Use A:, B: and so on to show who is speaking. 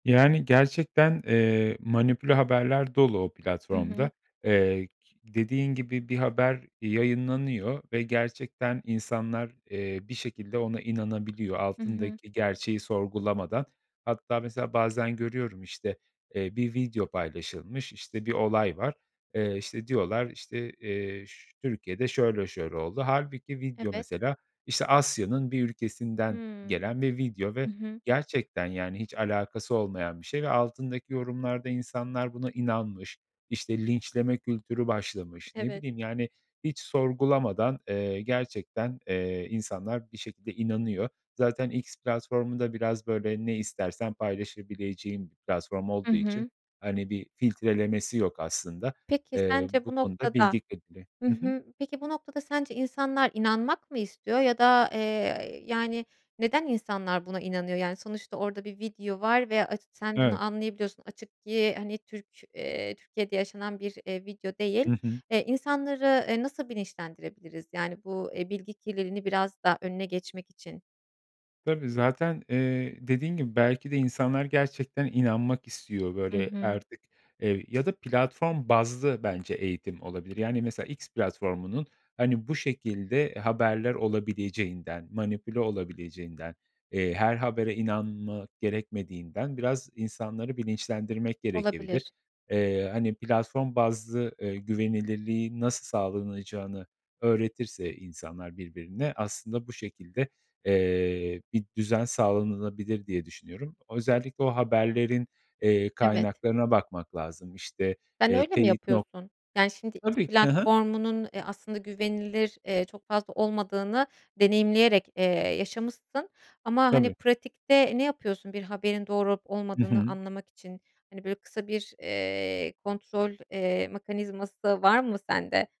A: Yani, gerçekten, eee, manipüle haberler dolu o
B: Hı hı.
A: platformda. Eee, ki dediğin gibi bir haber yayınlanıyor ve gerçekten insanlar, eee, bir şekilde ona inanabiliyor
B: Hı hı.
A: altındaki gerçeği sorgulamadan. Hatta mesela bazen görüyorum, işte, eee, bir video paylaşılmış. İşte, bir olay var. Eee, işte, diyorlar işte, eee, ş Türkiye'de şöyle şöyle oldu. Hâlbuki video
B: Evet.
A: mesela, işte, Asya'nın bir ülkesinden
B: Hımm.
A: gelen bir video
B: Hı
A: ve
B: hı.
A: gerçekten, yani, hiç alakası olmayan bir şey ve altındaki yorumlarda insanlar buna inanmış, işte, linçleme kültürü başlamış. Ne
B: Evet.
A: bileyim, yani, hiç sorgulamadan, eee, gerçekten, eee, insanlar bir şekilde inanıyor. Zaten X platformu da biraz, böyle, ne istersen paylaşabileceğin bir platform
B: Hı
A: olduğu için,
B: hı.
A: hani, bir filtrelemesi yok aslında.
B: Peki
A: Eee,
B: sence
A: bu
B: bu
A: konuda
B: noktada
A: bilgi kirliliği
B: Hı
A: Hı hı.
B: hı. Peki bu noktada sence insanlar inanmak mı istiyor? Ya da, eee, yani, neden insanlar buna inanıyor? Yani, sonuçta orada bir video var ve aç Sen bunu
A: Evet.
B: anlayabiliyorsun. Açık ki hani Türk eee, Türkiye'de yaşanan bir, eee, video değil.
A: Hı hı.
B: Eee, insanları, eee, nasıl bilinçlendirebiliriz? Yani bu, eee, bilgi kirliliğini biraz daha önüne geçmek için.
A: Tabii, zaten, eee, dediğin gibi belki de insanlar gerçekten inanmak istiyor
B: Hı
A: böyle
B: hı.
A: artık, eee, ya da platform bazlı bence eğitim olabilir. Yani mesela X platformunun, hani, bu şekilde haberler olabileceğinden, manipüle olabileceğinden, eee, her habere inanma gerekmediğinden biraz insanları bilinçlendirmek gerekebilir.
B: Olabilir.
A: Eee, hani, platform bazlı, eee, güvenilirliğin nasıl sağlanılacağını öğretirse insanlar birbirine, aslında bu şekilde, eee, bir düzen sağlanabilir diye düşünüyorum. O özellikle o haberlerin, eee,
B: Evet.
A: kaynaklarına bakmak lazım. İşte,
B: Sen
A: eee,
B: öyle mi
A: teyit nok
B: yapıyorsun? Yani,
A: E,
B: şimdi X
A: tabii ki. Hı hı.
B: platformunun, eee, aslında güvenilir, eee, çok fazla olmadığını deneyimleyerek, eee, yaşamışsın. Ama, hani,
A: Tabii.
B: pratikte ne yapıyorsun bir haberin doğru olup
A: Hı
B: olmadığını
A: hı.
B: anlamak için? Hani, böyle, kısa bir, eee, kontrol, eee, mekanizması da var mı sende?